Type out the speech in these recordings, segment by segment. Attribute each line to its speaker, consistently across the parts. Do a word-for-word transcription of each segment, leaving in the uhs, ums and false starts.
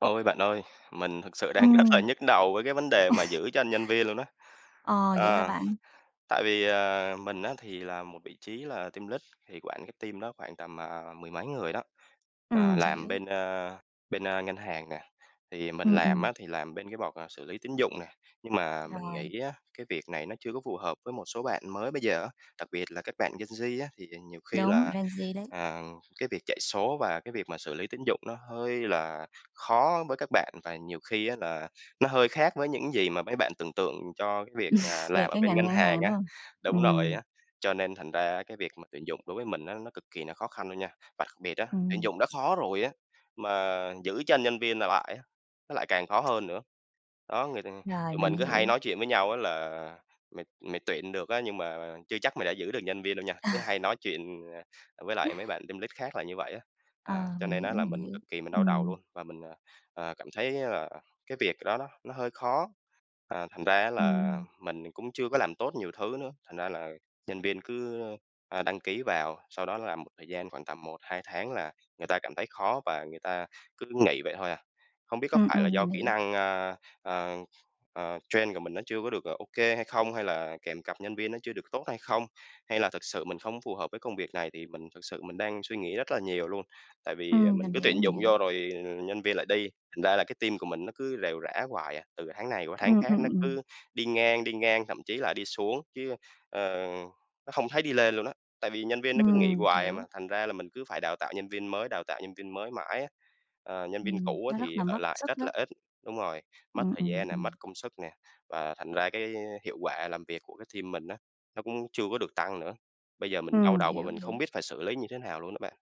Speaker 1: Ôi, bạn ơi, mình thực sự đang rất là
Speaker 2: Ừm.
Speaker 1: nhức đầu với cái vấn đề mà giữ chân nhân viên luôn á.
Speaker 2: Ồ vậy hả
Speaker 1: Ờ,
Speaker 2: bạn?
Speaker 1: tại vì, à, mình á thì là một vị trí là team lít, thì quản cái team đó khoảng tầm, à, mười mấy người đó, ờ,
Speaker 2: Ừm,
Speaker 1: làm
Speaker 2: hiểu.
Speaker 1: bên, a, bên, a, ngân hàng nè. Thì mình
Speaker 2: Ừm,
Speaker 1: làm
Speaker 2: ừm.
Speaker 1: á thì làm bên cái port là xử lý tín dụng nè, nhưng mà mình
Speaker 2: Rồi.
Speaker 1: nghĩ á, cái việc này nó chưa có phù hợp với một số bạn mới bây giờ á, đặc biệt là các bạn gen Z á. Thì nhiều khi
Speaker 2: Đúng,
Speaker 1: là,
Speaker 2: ren Z đấy.
Speaker 1: à, cái việc chạy số và cái việc mà xử lý tín dụng nó hơi là khó với các bạn, và nhiều khi á là nó hơi khác với những gì mà mấy bạn tưởng tượng cho cái việc là
Speaker 2: Về
Speaker 1: làm ở
Speaker 2: cái
Speaker 1: bên
Speaker 2: ngành
Speaker 1: ngân
Speaker 2: ngân
Speaker 1: hàng
Speaker 2: hàng,
Speaker 1: á.
Speaker 2: đúng hông?
Speaker 1: Đúng rồi
Speaker 2: Ừm.
Speaker 1: á. Cho nên thành ra á cái việc mà tuyển dụng đối với mình á, nó cực kỳ nó khó khăn luôn nha. Và đặc biệt á, tuyển
Speaker 2: Ừm.
Speaker 1: dụng đã khó rồi á, mà giữ chân nhân viên ở lại á, nó lại càng khó hơn nữa. Đó, người ta
Speaker 2: Rồi,
Speaker 1: tụi
Speaker 2: mình
Speaker 1: mình cứ hay
Speaker 2: hiểu.
Speaker 1: nói chuyện với nhau á là "Mày mày tuyển được á nhưng mà chưa chắc mày đã giữ được nhân viên đâu nha!" Cứ hay nói chuyện, à, với lại mấy bạn team lead khác là như vậy á. À,
Speaker 2: Ờ,
Speaker 1: cho
Speaker 2: mình
Speaker 1: nên á
Speaker 2: hiểu,
Speaker 1: là
Speaker 2: mình
Speaker 1: mình
Speaker 2: hiểu.
Speaker 1: cực kỳ mình đau đầu
Speaker 2: Ừm.
Speaker 1: luôn, và mình, à, à, cảm thấy là cái việc đó đó nó hơi khó. À, thành ra á là
Speaker 2: Ừm.
Speaker 1: mình cũng chưa có làm tốt nhiều thứ nữa, thành ra là nhân viên cứ, a, đăng ký vào, sau đó làm một thời gian khoảng tầm một hai tháng là người ta cảm thấy khó và người ta cứ nghỉ vậy thôi à. Không biết có
Speaker 2: Ừm,
Speaker 1: phải là
Speaker 2: ừm,
Speaker 1: do
Speaker 2: mình
Speaker 1: kỹ
Speaker 2: hiểu.
Speaker 1: năng, a, a, a, train của mình nó chưa có được, ờ, OK hay không? Hay là kèm cặp nhân viên nó chưa được tốt hay không? Hay là thực sự mình không phù hợp với công việc này? Thì mình thực sự mình đang suy nghĩ rất là nhiều luôn. Tại vì
Speaker 2: Ừm,
Speaker 1: mình
Speaker 2: mình
Speaker 1: cứ tuyển
Speaker 2: hiểu, mình
Speaker 1: dụng
Speaker 2: hiểu.
Speaker 1: vô rồi nhân viên lại đi, thành ra là cái team của mình nó cứ rệu rã hoài à, từ tháng này qua tháng
Speaker 2: Ừm,
Speaker 1: khác
Speaker 2: ừm,
Speaker 1: nó
Speaker 2: ừm.
Speaker 1: cứ đi ngang đi ngang, thậm chí là đi xuống chứ, ờ, nó không thấy đi lên luôn á. Tại vì nhân viên nó cứ nghỉ
Speaker 2: Ừm,
Speaker 1: hoài mà,
Speaker 2: hiểu.
Speaker 1: thành ra là mình cứ phải đào tạo nhân viên mới đào tạo nhân viên mới mãi á, ờ, nhân viên
Speaker 2: Ừm,
Speaker 1: cũ á
Speaker 2: nó rất
Speaker 1: thì
Speaker 2: là
Speaker 1: ở
Speaker 2: mất
Speaker 1: lại
Speaker 2: sức
Speaker 1: rất
Speaker 2: đó.
Speaker 1: là ít đúng rồi, mất
Speaker 2: Ừm,
Speaker 1: thời
Speaker 2: ừm,
Speaker 1: gian nè,
Speaker 2: ừm.
Speaker 1: mất công sức nè và thành ra cái hiệu quả làm việc của cái team mình á, nó cũng chưa có được tăng nữa. Bây giờ mình đau
Speaker 2: Ừm,
Speaker 1: đầu và
Speaker 2: hiểu,
Speaker 1: mình
Speaker 2: hiểu.
Speaker 1: không biết phải xử lý như thế nào luôn đó bạn.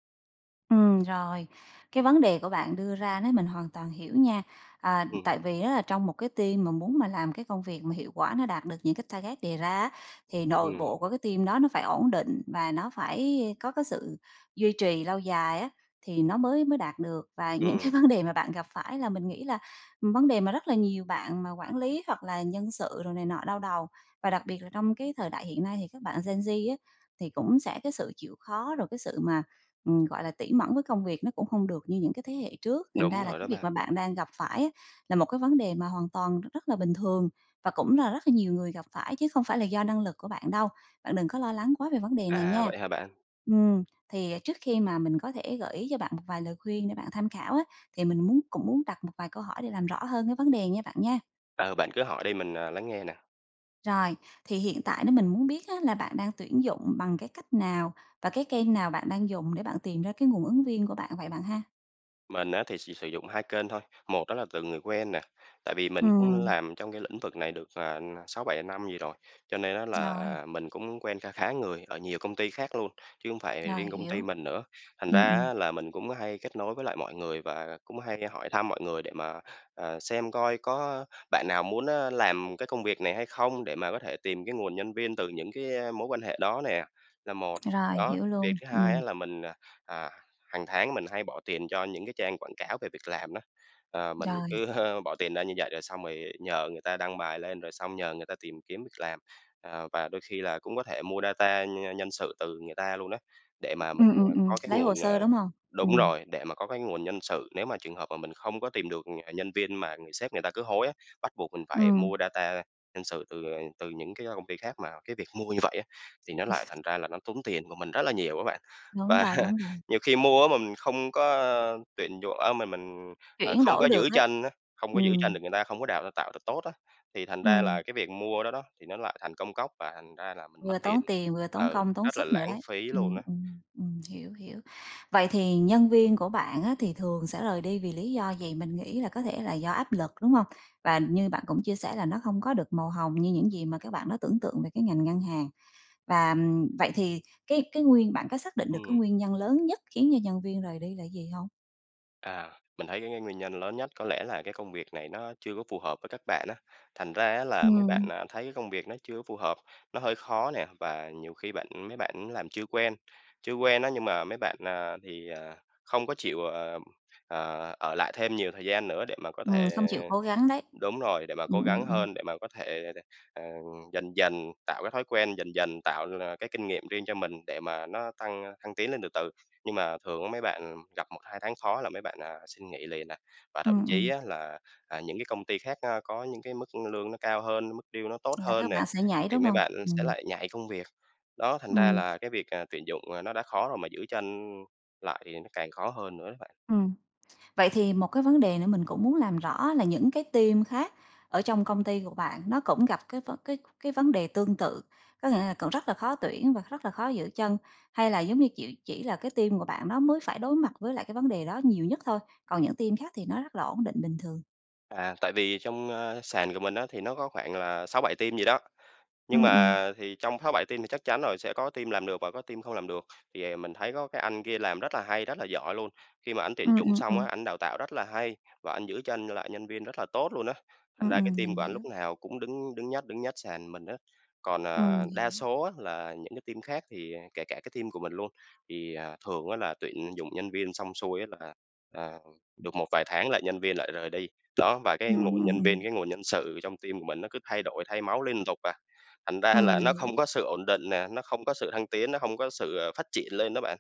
Speaker 2: Ừm, rồi. Cái vấn đề của bạn đưa ra đó, mình hoàn toàn hiểu nha. À,
Speaker 1: Ừm.
Speaker 2: tại vì á là trong một cái team mà muốn mà làm cái công việc mà hiệu quả nó đạt được những cái target đề ra á, thì nội
Speaker 1: Ừm.
Speaker 2: bộ của cái team đó nó phải ổn định và nó phải có cái sự duy trì lâu dài á, thì nó mới mới đạt được. Và những
Speaker 1: Ừm.
Speaker 2: cái vấn đề mà bạn gặp phải là mình nghĩ là vấn đề mà rất là nhiều bạn mà quản lý, hoặc là nhân sự, rồi này nọ đau đầu. Và đặc biệt là trong cái thời đại hiện nay, thì các bạn gen Z á thì cũng sẽ cái sự chịu khó, rồi cái sự mà, ừm, gọi là, tỉ mẩn với công việc nó cũng hông được như những cái thế hệ trước. Thành ra
Speaker 1: Đúng
Speaker 2: là
Speaker 1: rồi
Speaker 2: cái
Speaker 1: đó
Speaker 2: việc
Speaker 1: bạn.
Speaker 2: mà bạn đang gặp phải á, là một cái vấn đề mà hoàn toàn rất là bình thường và cũng là rất là nhiều người gặp phải, chứ không phải là do năng lực của bạn đâu. Bạn đừng có lo lắng quá về vấn đề này
Speaker 1: À,
Speaker 2: nha.
Speaker 1: vậy hả bạn?
Speaker 2: Ừm, thì trước khi mà mình có thể gợi ý cho bạn một vài lời khuyên để bạn tham khảo á, thì mình muốn cũng muốn đặt một vài câu hỏi để làm rõ hơn cái vấn đề nha bạn nha.
Speaker 1: Ờ, bạn cứ hỏi đi, mình, ờ, lắng nghe nè.
Speaker 2: Rồi, thì hiện tại nếu mình muốn biết á là bạn đang tuyển dụng bằng cái cách nào? Và cái kênh nào bạn đang dùng để bạn tìm ra cái nguồn ứng viên của bạn vậy bạn ha?
Speaker 1: Mình á thì chỉ sử dụng hai kênh thôi, một đó là từ người quen nè, tại vì mình cũng
Speaker 2: Ừm.
Speaker 1: làm trong cái lĩnh vực này được, à, n sáu bảy năm gì rồi, cho nên á
Speaker 2: Rồi.
Speaker 1: là mình cũng quen kha khá người ở nhiều công ty khác luôn, chứ hông phải, ờ,
Speaker 2: Rồi,
Speaker 1: riêng công ty
Speaker 2: hiểu.
Speaker 1: mình nữa. Thành
Speaker 2: Ừ,
Speaker 1: ra
Speaker 2: ừm.
Speaker 1: á là mình cũng hay kết nối với lại mọi người và cũng hay hỏi thăm mọi người để mà, ờ, xem coi có, ơ, bạn nào muốn á làm cái công việc này hay không, để mà có thể tìm cái nguồn nhân viên từ những cái, ơ, mối quan hệ đó nè, là một.
Speaker 2: Rồi,
Speaker 1: Đó,
Speaker 2: hiểu
Speaker 1: việc
Speaker 2: luôn,
Speaker 1: thứ hai á
Speaker 2: ừm.
Speaker 1: là mình, à, à, hàng tháng mình hay bỏ tiền cho những cái trang quảng cáo về việc làm đó. Ờ, mình
Speaker 2: Rồi.
Speaker 1: cứ, ơ, bỏ tiền ra như vậy rồi xong rồi nhờ người ta đăng bài lên, rồi xong nhờ người ta tìm kiếm việc làm. À, và đôi khi là cũng có thể mua data nh nhân sự từ người ta luôn á, để mà mình,
Speaker 2: Ừm, ừm,
Speaker 1: ờ,
Speaker 2: ừm,
Speaker 1: có cái
Speaker 2: lấy hồ
Speaker 1: nguồn
Speaker 2: sơ,
Speaker 1: ờ,
Speaker 2: đúng hông?
Speaker 1: đúng
Speaker 2: Ừm.
Speaker 1: rồi, để mà có cái nguồn nhân sự, nếu mà trường hợp mà mình không có tìm được nh nhân viên mà người sếp người ta cứ hối á, bắt buộc mình phải
Speaker 2: Ừm.
Speaker 1: mua data nhân sự từ, ờ, từ những cái công ty khác, mà cái việc mua như vậy á, thì nó lại thành ra là nó tốn tiền của mình rất là nhiều á bạn.
Speaker 2: Đúng
Speaker 1: Và
Speaker 2: rồi, đúng rồi.
Speaker 1: nhiều khi mua á mà mình không có, ơ, tuyển dụ á mà mình, à,
Speaker 2: Chuyển
Speaker 1: không
Speaker 2: đổi
Speaker 1: có
Speaker 2: được
Speaker 1: giữ
Speaker 2: hết.
Speaker 1: chân á, không có giữ chân
Speaker 2: Ừm.
Speaker 1: được người ta, không có đào ra tạo được tốt á, thì thành ra
Speaker 2: Ừm.
Speaker 1: là cái việc mua đó đó, thì nó lại thành công cốc và thành ra là mình mất
Speaker 2: Vừa
Speaker 1: tiền.
Speaker 2: tốn tiền vừa tốn
Speaker 1: Ừ,
Speaker 2: công, tốn
Speaker 1: rất là
Speaker 2: sức nữa
Speaker 1: lãng
Speaker 2: đấy.
Speaker 1: phí luôn
Speaker 2: Ừm,
Speaker 1: á.
Speaker 2: ừm, ừm, hiểu, hiểu. Vậy thì nhân viên của bạn á, thì thường sẽ rời đi vì lý do gì, mình nghĩ là có thể là do áp lực, đúng hông? Và như bạn cũng chia sẻ là nó hông có được màu hồng như những gì mà các bạn đó tưởng tượng về cái ngành ngân hàng. Và, ừm, vậy thì cái cái nguyên bạn có xác định được cái
Speaker 1: Ừm.
Speaker 2: nguyên nhân lớn nhất khiến cho nhân viên rời đi là gì hông?
Speaker 1: À, mình thấy cái cái nguyên nhân lớn nhất, có lẽ là cái công việc này nó chưa có phù hợp với các bạn á. Thành ra á là mấy bạn,
Speaker 2: Ừm.
Speaker 1: à, thấy công việc nó chưa có phù hợp, nó hơi khó nè và nhiều khi bạn mấy bạn làm chưa quen. Chưa quen á nhưng mà mấy bạn, ờ, thì, ờ, không có chịu, ờ, ờ, ở lại thêm nhiều thời gian nữa để mà có
Speaker 2: Ừm, không
Speaker 1: thể
Speaker 2: chịu cố gắng đấy.
Speaker 1: đúng rồi, để mà
Speaker 2: Ừm,
Speaker 1: cố
Speaker 2: ừm,
Speaker 1: gắng
Speaker 2: ừm.
Speaker 1: hơn, để mà có thể, ờ, dần dần tạo cái thói quen, dần dần tạo, à, cái kinh nghiệm riêng cho mình để mà nó tăng thăng tiến lên từ từ. Nhưng mà thường mấy bạn gặp một hai tháng khó là mấy bạn, à, xin nghỉ liền nè. Và thậm
Speaker 2: Ừm,
Speaker 1: chí
Speaker 2: ừm.
Speaker 1: á là, à, những cái công ty khác có những cái mức lương nó cao hơn, mức deal nó tốt
Speaker 2: Là
Speaker 1: hơn
Speaker 2: các
Speaker 1: nè,
Speaker 2: bạn sẽ nhảy,
Speaker 1: thì
Speaker 2: đúng
Speaker 1: mấy
Speaker 2: hông?
Speaker 1: bạn sẽ
Speaker 2: Ừm.
Speaker 1: lại nhảy công việc. Đó, thành ra
Speaker 2: Ừm.
Speaker 1: là cái việc, à, tuyển dụng nó đã khó rồi mà giữ chân lại càng khó hơn nữa đó bạn.
Speaker 2: Ừm. Vậy thì một cái vấn đề nữa mình cũng muốn làm rõ là những cái team khác ở trong công ty của bạn nó cũng gặp cái vấn cái cái vấn đề tương tự, có nghĩa là còn rất là khó tuyển và rất là khó giữ chân, hay là giống như chỉ chỉ là cái team của bạn nó mới phải đối mặt với lại cái vấn đề đó nhiều nhất thôi, còn những team khác thì nó rất là ổn định bình thường?
Speaker 1: À, tại vì trong, a, sàn của mình á thì nó có khoảng là sáu bảy team gì đó, nhưng
Speaker 2: Ừm, ừm.
Speaker 1: mà thì trong sáu bảy team thì chắc chắn rồi sẽ có team làm được và có team không làm được. Thì, à, mình thấy có cái anh kia làm rất là hay, rất là giỏi luôn, khi mà ảnh tuyển
Speaker 2: Ừm,
Speaker 1: dụng
Speaker 2: ừm,
Speaker 1: xong á
Speaker 2: ừm.
Speaker 1: ảnh đào tạo rất là hay và anh giữ chân lại nhân viên rất là tốt luôn á, thành
Speaker 2: Ừm,
Speaker 1: ra cái
Speaker 2: ừm,
Speaker 1: team
Speaker 2: mình
Speaker 1: của ảnh lúc
Speaker 2: hiểu.
Speaker 1: nào cũng đứng đứng nhất đứng nhất sàn mình á. Còn,
Speaker 2: Ừm,
Speaker 1: ờ, đa
Speaker 2: hiểu.
Speaker 1: số á là những cái team khác thì, à, kể cả cái team của mình luôn, thì à thường á là tuyển dụng nhân viên xong xuôi á là, ờ, được một vài tháng là nhân viên lại rời đi. Đó, và cái
Speaker 2: Ừm, ừm,
Speaker 1: nguồn nhân viên,
Speaker 2: ừm.
Speaker 1: cái nguồn nhân sự trong team của mình nó cứ thay đổi, thay máu liên tục à, thành ra
Speaker 2: Ừm,
Speaker 1: là
Speaker 2: mình
Speaker 1: nó
Speaker 2: hiểu.
Speaker 1: không có sự ổn định nè, nó không có sự thăng tiến, nó hông có sự à phát triển lên đó bạn.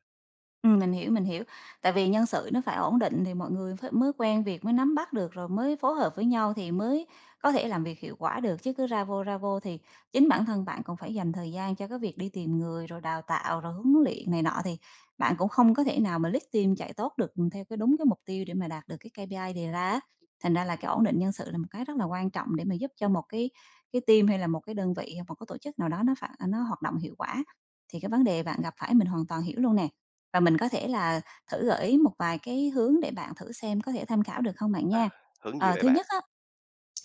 Speaker 2: Ừm, mình hiểu, mình hiểu. Tại vì nhân sự nó phải ổn định thì mọi người ph mới quen việc, mới nắm bắt được, rồi mới phối hợp với nhau thì mới có thể làm việc hiệu quả được chứ cứ ra vô, ra vô thì chính bản thân bạn còn phải dành thời gian cho cái việc đi tìm người, rồi đào tạo, rồi huấn luyện này nọ thì bạn cũng không có thể nào mà lead team chạy tốt được theo cái đúng cái mục tiêu để mà đạt được cái K-P-I đề ra á. Thành ra là cái ổn định nhân sự là một cái rất là quan trọng để mà giúp cho một cái cái team hay là một cái đơn vị, hoặc một cái tổ chức nào đó nó phản nó hoạt động hiệu quả, thì cái vấn đề bạn gặp phải mình hoàn toàn hiểu luôn nè. Và mình có thể là thử gợi ý một vài cái hướng để bạn thử xem có thể tham khảo được không bạn
Speaker 1: À,
Speaker 2: nha.
Speaker 1: hướng gì
Speaker 2: Ờ,
Speaker 1: vậy
Speaker 2: thứ
Speaker 1: bạn?
Speaker 2: nhất á,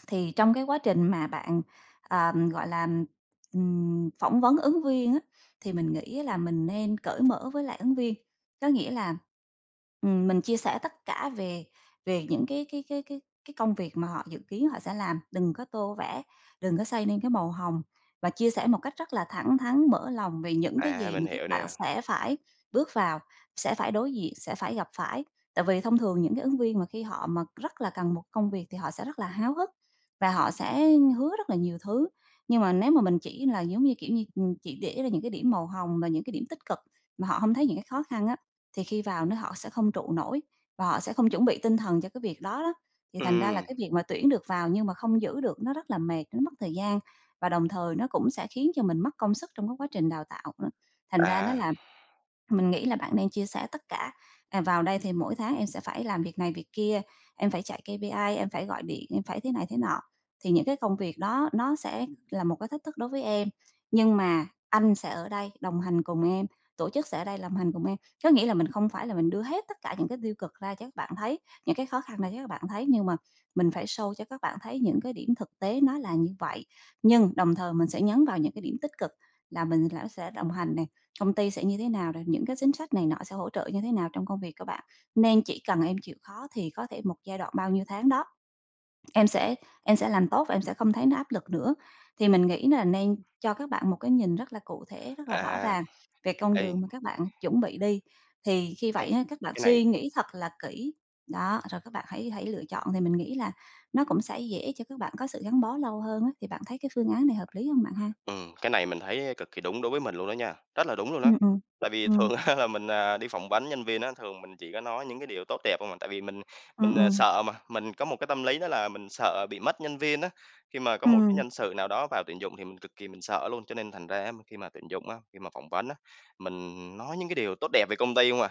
Speaker 2: thì trong cái quá trình mà bạn, ờ, gọi là, ừm, phỏng vấn ứng viên á thì mình nghĩ á là mình nên cởi mở với lại ứng viên, có nghĩa là, ừm, mình chia sẻ tất cả về về những cái cái cái cái cái công việc mà họ dự kiến họ sẽ làm, đừng có tô vẽ, đừng có xây nên cái màu hồng và chia sẻ một cách rất là thẳng thắn mở lòng về những cái
Speaker 1: À,
Speaker 2: gì
Speaker 1: mình
Speaker 2: mà các
Speaker 1: hiểu
Speaker 2: bạn
Speaker 1: nè.
Speaker 2: sẽ phải bước vào, sẽ phải đối diện, sẽ phải gặp phải. Tại vì thông thường những cái ứng viên mà khi họ mà rất là cần một cái công việc thì họ sẽ rất là háo hức và họ sẽ hứa rất là nhiều thứ, nhưng mà nếu mà mình chỉ là, giống như, kiểu như, ừm, chỉ để ra những cái điểm màu hồng và những cái điểm tích cực mà họ hông thấy những cái khó khăn á, thì khi vào nó họ sẽ không trụ nổi và họ sẽ không chuẩn bị tinh thần cho cái việc đó đó, thì thành ra là
Speaker 1: Ừm.
Speaker 2: cái việc mà tuyển được vào nhưng mà không giữ được nó rất là mệt, nó mất thời gian và đồng thời nó cũng sẽ khiến cho mình mất công sức trong cái quá trình đào tạo, đó. Thành ra nó
Speaker 1: À.
Speaker 2: là mình nghĩ là bạn nên chia sẻ tất cả, ờ, vào đây thì mỗi tháng em sẽ phải làm việc này việc kia, em phải chạy K-P-I, em phải gọi điện em phải thế này thế nọ, thì những cái công việc đó nó sẽ là một cái thách thức đối với em, nhưng mà anh sẽ ở đây đồng hành cùng em, tổ chức sẽ ở đây lồng hành cùng em, có nghĩa là mình không phải là mình đưa hết tất cả những cái tiêu cực ra cho các bạn thấy, những cái khó khăn ra cho các bạn thấy nhưng mà mình phải show cho các bạn thấy những cái điểm thực tế nó là như vậy, nhưng đồng thời mình sẽ nhấn vào những cái điểm tích cực là mình lá sẽ đồng hành nè, công ty sẽ như thế nào nè, những cái chính sách này nọ sẽ hỗ trợ như thế nào trong công việc các bạn, nên chỉ cần em chịu khó thì có thể một giai đoạn bao nhiêu tháng đó, em sẽ em sẽ làm tốt và em sẽ không thấy nó áp lực nữa. Thì mình nghĩ là nên cho các bạn một cái nhìn rất là cụ thể, rất là rõ
Speaker 1: À,
Speaker 2: ràng về con
Speaker 1: ấy.
Speaker 2: đường mà các bạn chuẩn bị đi, thì khi
Speaker 1: Ấy,
Speaker 2: vậy á các bạn
Speaker 1: cái này
Speaker 2: suy nghĩ thật là kỹ, đó, rồi các bạn hãy hãy lựa chọn thì mình nghĩ là nó cũng sẽ dễ cho các bạn có sự gắn bó lâu hơn á, thì bạn thấy cái phương án này hợp lý hông bạn ha?
Speaker 1: Ừm, cái này mình á thấy cực kì đúng đối với mình luôn đó nha, rất là đúng luôn
Speaker 2: Ừ,
Speaker 1: á.
Speaker 2: ừm,
Speaker 1: Tại vì
Speaker 2: ừm.
Speaker 1: thường á là mình, à, đi phỏng vấn nhân viên á thường mình chỉ có nói những cái điều tốt đẹp hông à, tại vì mình
Speaker 2: Ừm,
Speaker 1: mình, à,
Speaker 2: ừm.
Speaker 1: sợ mà. Mình có một cái tâm lý đó là mình sợ bị mất nhân viên á, khi mà có một cái
Speaker 2: Ừm.
Speaker 1: nhân sự nào đó vào tuyển dụng thì mình cực kì mình sợ luôn, cho nên thành ra á khi mà tuyển dụng á, khi mà phỏng vấn á, mình nói những cái điều tốt đẹp về công ty hông à.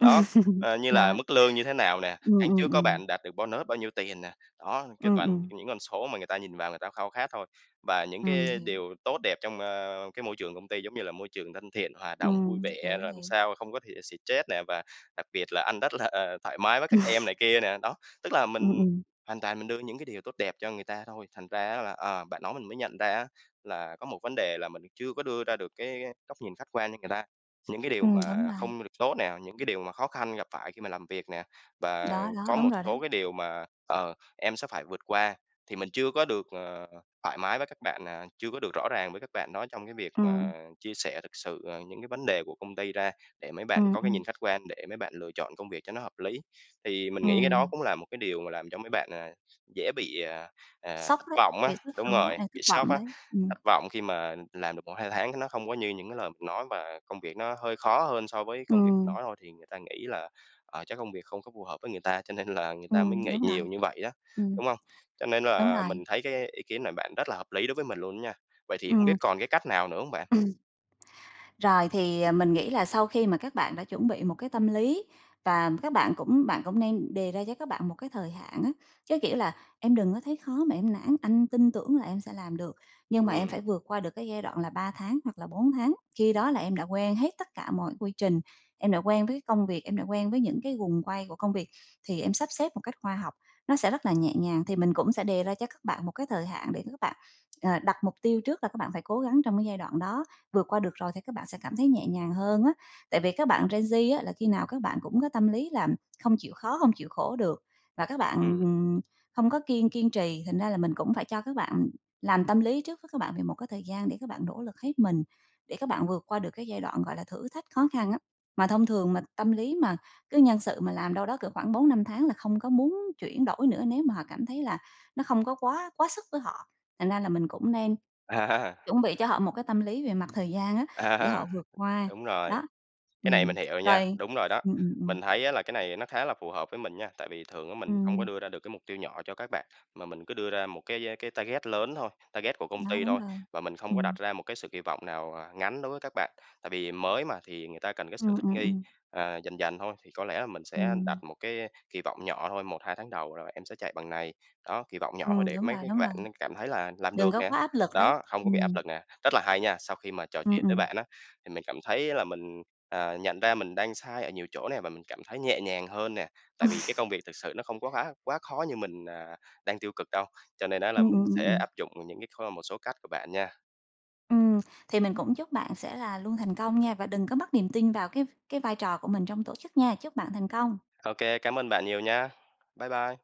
Speaker 1: Đó, ờ, như là
Speaker 2: Đó.
Speaker 1: mức lương như thế nào nè,
Speaker 2: Ừm,
Speaker 1: tháng trước
Speaker 2: ừm,
Speaker 1: có
Speaker 2: ừm.
Speaker 1: bạn đạt được bonus bao nhiêu tiền nè, đó, cái
Speaker 2: Ừm,
Speaker 1: toàn
Speaker 2: ừm.
Speaker 1: những con số mà người ta nhìn vào người ta khao khát thôi, và những
Speaker 2: Ừm,
Speaker 1: cái
Speaker 2: hiểu.
Speaker 1: điều tốt đẹp trong, a, cái môi trường công ty giống như là môi trường thân thiện, hòa đồng vui
Speaker 2: Ừm,
Speaker 1: vẻ,
Speaker 2: hiểu,
Speaker 1: làm
Speaker 2: hiểu.
Speaker 1: sao không có thì stress nè và đặc biệt là anh rất là, ờ, thoải mái với các em này kia nè, đó. Tức là
Speaker 2: Ừm,
Speaker 1: mình
Speaker 2: ừm.
Speaker 1: hoàn toàn mình đưa những cái điều tốt đẹp cho người ta thôi, thành ra á là, ờ, bạn nói mình mới nhận ra á là có một vấn đề là chưa có đưa ra được cái góc nhìn khách quan cho người ta. Những cái điều
Speaker 2: Ừm, đúng
Speaker 1: mà
Speaker 2: rồi.
Speaker 1: không được tốt nè, những cái điều mà khó khăn gặp phải khi mà làm việc nè, và
Speaker 2: Đó, đó,
Speaker 1: có
Speaker 2: đúng
Speaker 1: một
Speaker 2: rồi đó.
Speaker 1: số cái điều mà, ờ, em sẽ phải vượt qua thì mình chưa có được, ờ, thoải mái với các bạn, à, chưa có được rõ ràng với các bạn đó trong cái việc
Speaker 2: Ừm.
Speaker 1: mà chia sẻ thực sự, à, những cái vấn đề của công ty ra để mấy bạn
Speaker 2: Ừm,
Speaker 1: có cái
Speaker 2: ừm.
Speaker 1: nhìn khách quan, để mấy bạn lựa chọn công việc cho nó hợp lý. Thì mình nghĩ cái đó
Speaker 2: Ừm.
Speaker 1: cũng là một cái điều mà làm cho mấy bạn, à, dễ bị, à, à
Speaker 2: Sốc
Speaker 1: thất
Speaker 2: đấy,
Speaker 1: vọng á,
Speaker 2: vì
Speaker 1: đúng rồi,
Speaker 2: [unintelligible] thất
Speaker 1: bị sốc
Speaker 2: vọng
Speaker 1: á,
Speaker 2: đấy, ừm.
Speaker 1: thất vọng khi mà làm được một hai tháng cái nó không có như những cái lời mình nói và công việc nó hơi khó hơn so với công việc mình
Speaker 2: Ừm.
Speaker 1: nói thôi thì người ta nghĩ là, ờ, chắc công việc không có phù hợp với người ta, cho nên là người ta mới
Speaker 2: Ừm,
Speaker 1: nghỉ
Speaker 2: đúng rồi,
Speaker 1: nhiều như vậy đó,
Speaker 2: ừm.
Speaker 1: đúng hông? Cho nên
Speaker 2: Đúng
Speaker 1: là
Speaker 2: rồi.
Speaker 1: mình thấy cái ý kiến này bạn rất là hợp lý đối với mình luôn đó nha. Vậy thì hông
Speaker 2: Ừm.
Speaker 1: biết còn cái cách nào nữa hông bạn?
Speaker 2: Rồi thì, à, mình nghĩ là sau khi mà các bạn đã chuẩn bị một cái tâm lý và các bạn cũng bạn cũng nên đề ra cho các bạn một cái thời hạn á, chớ kiểu là "Em đừng có thấy khó mà em nản, anh tin tưởng là em sẽ làm được, nhưng mà em
Speaker 1: Ừm.
Speaker 2: phải vượt qua được cái giai đoạn là ba tháng hoặc là bốn tháng. Khi đó là em đã quen hết tất cả mọi quy trình, em đã quen với cái công việc, em đã quen với những cái guồng quay của công việc thì em sắp xếp một cách khoa học, nó sẽ rất là nhẹ nhàng", thì mình cũng sẽ đề ra cho các bạn một cái thời hạn để các bạn, ờ, đặt mục tiêu trước là các bạn phải cố gắng trong cái đoạn đó, vượt qua được rồi thì các bạn sẽ cảm thấy nhẹ nhàng hơn á. Tại vì các bạn gen Z á là khi nào các bạn cũng có tâm lý là không chịu khó, không chịu khổ được và các bạn,
Speaker 1: Ừm.
Speaker 2: ừm, không có kiên kiên trì thành ra là mình cũng phải cho các bạn làm tâm lý trước với các bạn về một cái thời gian để các bạn nỗ lực hết mình, để các bạn vượt qua được cái giai đoạn gọi là thử thách khó khăn á. Mà thông thường mà tâm lý mà cứ nhân sự mà làm ở đâu đó cỡ khoảng bốn năm tháng là không có muốn chuyển đổi nữa nếu mà họ cảm thấy là nó không có quá quá sức với họ, thành ra là mình cũng nên
Speaker 1: À.
Speaker 2: chuẩn bị cho họ một cái tâm lý về mặt thời gian á, để họ
Speaker 1: À.
Speaker 2: vượt qua,
Speaker 1: Đúng rồi,
Speaker 2: đó.
Speaker 1: cái này
Speaker 2: Ừm,
Speaker 1: mình hiểu nha,
Speaker 2: rồi,
Speaker 1: đúng rồi đó,
Speaker 2: ừm, ừm, ừm.
Speaker 1: mình thấy á là cái này nó khá là phù hợp với mình nha, tại vì thường á mình không có
Speaker 2: Ừm.
Speaker 1: đưa ra được cái mục tiêu nhỏ cho các bạn mà mình cứ đưa ra một cái cái target lớn thôi, target của công
Speaker 2: Đó,
Speaker 1: ty
Speaker 2: đúng
Speaker 1: thôi,
Speaker 2: rồi,
Speaker 1: và mình không có đặt
Speaker 2: ừm.
Speaker 1: ra một cái sự kỳ vọng nào, à, ngắn đối với các bạn, tại vì mới mà thì người ta cần cái sự
Speaker 2: Ừm,
Speaker 1: thích
Speaker 2: ừm,
Speaker 1: nghi,
Speaker 2: ừm.
Speaker 1: ờ, dần dần thôi, thì có lẽ là mình sẽ đặt
Speaker 2: Ừm.
Speaker 1: một cái kỳ vọng nhỏ thôi, một hai tháng đầu rồi em sẽ chạy bằng này. Đó kì vọng nhỏ thôi
Speaker 2: Ừm,
Speaker 1: để
Speaker 2: đúng
Speaker 1: mấy
Speaker 2: rồi,
Speaker 1: cái
Speaker 2: đúng rồi.
Speaker 1: bạn cảm thấy là làm
Speaker 2: Đừng
Speaker 1: được
Speaker 2: có
Speaker 1: nè,
Speaker 2: quá áp lực đấy,
Speaker 1: đó, không có bị áp
Speaker 2: ừm.
Speaker 1: lực nè, rất là hay nha. Sau khi mà trò
Speaker 2: Ừm,
Speaker 1: chuyện với
Speaker 2: ừm.
Speaker 1: bạn á, thì mình cảm thấy là mình, ờ, nhận ra mình đang sai ở nhiều chỗ nè và mình cảm thấy nhẹ nhàng hơn nè, tại vì cái công việc thực sự nó không có quá quá khó như mình, à, đang tiêu cực đâu, cho nên á là
Speaker 2: Ừm, ừm,
Speaker 1: mình
Speaker 2: ừm,
Speaker 1: sẽ
Speaker 2: ừm.
Speaker 1: áp dụng những cái thơm một số cách của bạn nha.
Speaker 2: Ừm, thì mình cũng chúc bạn sẽ là luôn thành công nha và đừng có mất niềm tin vào cái cái vai trò của mình trong tổ chức nha, chúc bạn thành công.
Speaker 1: Ô kê, cám ơn bạn nhiều nha. Bye bye.